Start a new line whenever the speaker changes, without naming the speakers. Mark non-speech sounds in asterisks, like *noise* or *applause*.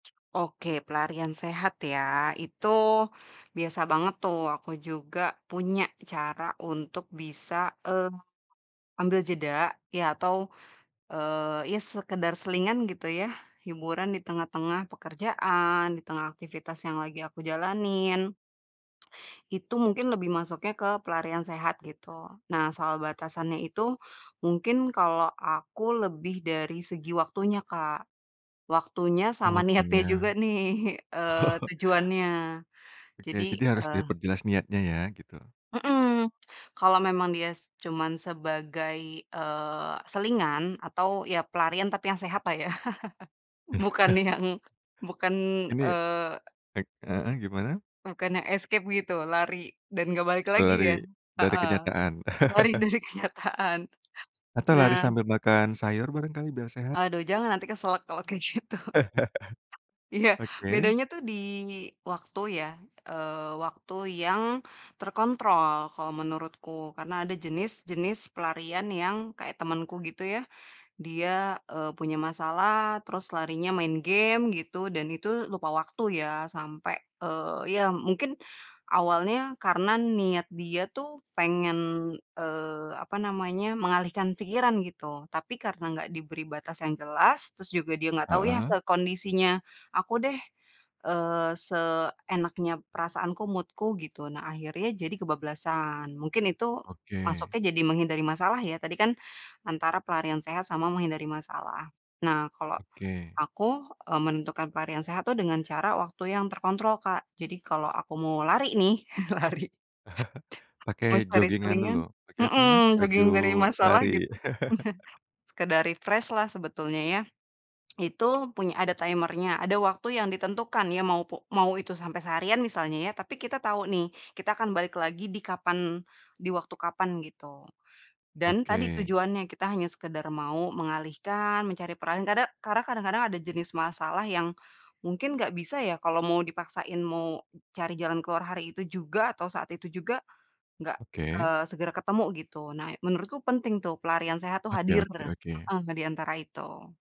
Oke, pelarian sehat ya, itu biasa banget tuh, aku juga punya cara untuk bisa, eee, ambil jeda, iya, atau, eee, ya sekedar selingan gitu ya, hiburan di tengah-tengah pekerjaan, di tengah aktivitas yang lagi aku jalanin. Itu mungkin lebih masuknya ke pelarian sehat gitu. Nah soal batasannya itu, mungkin kalo aku lebih dari segi waktunya Kak, waktunya
Oh,
sama niatnya juga
waktunya.
nih, eee,
*chuckles*
tujuannya.
Oke,
Jadi,
jadi harus
eee
diperjelas niatnya ya, gitu.
Hmm, kalau memang dia cuman sebagai, eee, selingan atau, ya pelarian, tapi yang sehatlah ya, *chuckles* bukan
*chuckles*
yang bukan,
Ini
eee
baik, heeh, gimana?
Bukan yang escape gitu, lari dan gak balik
Eee,
lagi
lari
ya.
dari kenyataan.
Heeh, lari
*chuckles*
dari kenyataan.
Atau lari
Nah
sambil makan sayur barangkali biar sehat?
Aduh, jangan, nanti keselek kalau kayak gitu. *chuckles*
*chuckles*
Iya,
Oke.
bedanya tuh di waktu ya, eee, waktu yang terkontrol, kalau menurutku. Karena ada jenis-jenis pelarian yang kayak temenku gitu ya, dia, eee, punya masalah, terus larinya main game gitu, dan itu lupa waktu ya. Sampai, eee, ya mungkin awalnya karena niat dia tuh pengen, eee, apa namanya, mengalihkan pikiran gitu. Tapi karena nggak diberi batas yang jelas, terus juga dia nggak tahu ya
Heeh.
sekondisinya aku deh, eee, seenaknya perasaanku, mood-ku gitu, nah akhirnya jadi kebablasan. Mungkin itu
Oke.
masuknya jadi menghindari masalah ya, tadi kan antara pelarian sehat sama menghindari masalah. Nah kalo
Oke.
aku, eee, menentukan pelarian sehat tuh dengan cara waktu yang terkontrol Kak, jadi kalo aku mau lari nih, *chuckles* lari.
Pakai
Mau cari
joggingan dulu,
selingan
pakai apa namanya,
hmm,
baju
jogging dari masalah
lari.
gitu.
*chuckles*
*chuckles* Sekedar refresh-lah sebetulnya ya. Itu punya ada timer-nya, ada waktu yang ditentukan ya, mau pu mau itu sampe seharian misalnya ya. Tapi kita tau nih, kita akan balik lagi di kapan di waktu kapan gitu, dan tadi
Oke.
tujuannya, kita hanya sekedar mau mengalihkan, mencari peran. Kade karena kadang-kadang ada jenis masalah yang mungkin gak bisa ya, kalau mau dipaksain mau cari jalan keluar hari itu juga, atau saat itu juga, gak,
Oke.
eee, segera ketemu gitu. Nah menurutku penting tuh, pelarian sehat tuh
Oke
hadir,
oke oke.
heeh, di antara itu.